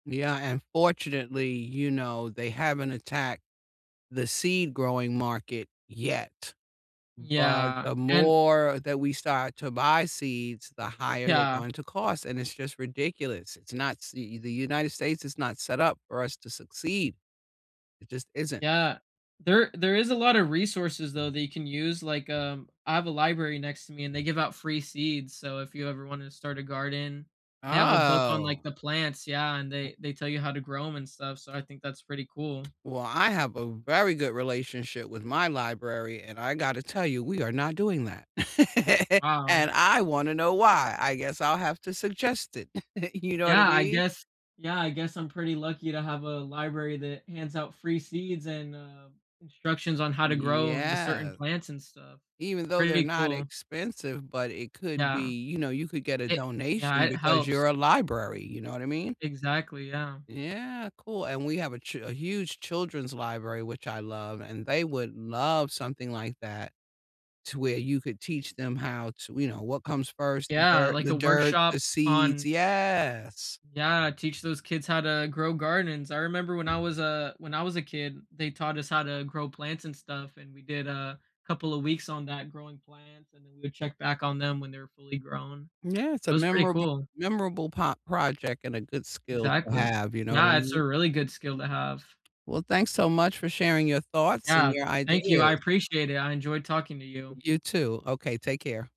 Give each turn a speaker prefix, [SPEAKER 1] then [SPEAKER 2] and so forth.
[SPEAKER 1] Yeah, and fortunately, you know, they haven't attacked the seed-growing market, yet. But,
[SPEAKER 2] Yeah,
[SPEAKER 1] the
[SPEAKER 2] and
[SPEAKER 1] more that we start to buy seeds, the higher they're
[SPEAKER 2] Yeah.
[SPEAKER 1] going to cost, and it's just ridiculous, it's not see the United States is not set up for us to succeed. It just isn't.
[SPEAKER 2] Yeah, there there is a lotta resources, though, that you can use, like, um, I have a library next to me, and they give out free seeds, so if you ever wanna start a garden, they have a book on, like,
[SPEAKER 1] Oh.
[SPEAKER 2] the plants yeah, and they they tell you how to grow 'em and stuff, so I think that's pretty cool.
[SPEAKER 1] Well, I have a very good relationship with my library, and I gotta tell you, we are not doing that. And,
[SPEAKER 2] Wow.
[SPEAKER 1] I wanna know why, I guess I'll have to suggest it, you know what I
[SPEAKER 2] Yeah, I
[SPEAKER 1] mean?
[SPEAKER 2] guess yeah, I guess I'm pretty lucky to have a library that hands out free seeds and, uh, instructions on how to grow the certain
[SPEAKER 1] Yeah.
[SPEAKER 2] plants and stuff.
[SPEAKER 1] Even
[SPEAKER 2] It's
[SPEAKER 1] though they're
[SPEAKER 2] pretty
[SPEAKER 1] not
[SPEAKER 2] cool.
[SPEAKER 1] expensive, but it could
[SPEAKER 2] Yeah.
[SPEAKER 1] be you know, you could get a
[SPEAKER 2] It yeah,
[SPEAKER 1] donation
[SPEAKER 2] it
[SPEAKER 1] because
[SPEAKER 2] helps
[SPEAKER 1] you're a
[SPEAKER 2] i
[SPEAKER 1] library, you know what I mean?
[SPEAKER 2] Exactly, yeah.
[SPEAKER 1] Yeah, cool, and we have a ch a huge children's library, which I love and they would love something like that. To, where you could teach them how t you know, "What comes first? The
[SPEAKER 2] Yeah,
[SPEAKER 1] dirt
[SPEAKER 2] like
[SPEAKER 1] the
[SPEAKER 2] a
[SPEAKER 1] dirt,
[SPEAKER 2] workshop
[SPEAKER 1] the seeds,"
[SPEAKER 2] on
[SPEAKER 1] yes.
[SPEAKER 2] Yeah, teach those kids how to grow gardens, I remember when I was a when I was a kid, they taught us how to grow plants and stuff, and we did a couple of weeks on that growing plants, and then we would check back on them when they're fully grown.
[SPEAKER 1] Yeah. It's
[SPEAKER 2] It
[SPEAKER 1] a
[SPEAKER 2] was pretty
[SPEAKER 1] memorab
[SPEAKER 2] cool.
[SPEAKER 1] memorable po project and a good skill to
[SPEAKER 2] Exactly,
[SPEAKER 1] have, you know what I
[SPEAKER 2] yeah, it's
[SPEAKER 1] mean?
[SPEAKER 2] a really good skill to have.
[SPEAKER 1] Well, thanks so much for sharing your thoughts and
[SPEAKER 2] Yeah,
[SPEAKER 1] your
[SPEAKER 2] thank you, I
[SPEAKER 1] ideas.
[SPEAKER 2] appreciate it, I enjoyed talking to you.
[SPEAKER 1] You too, okay, take care.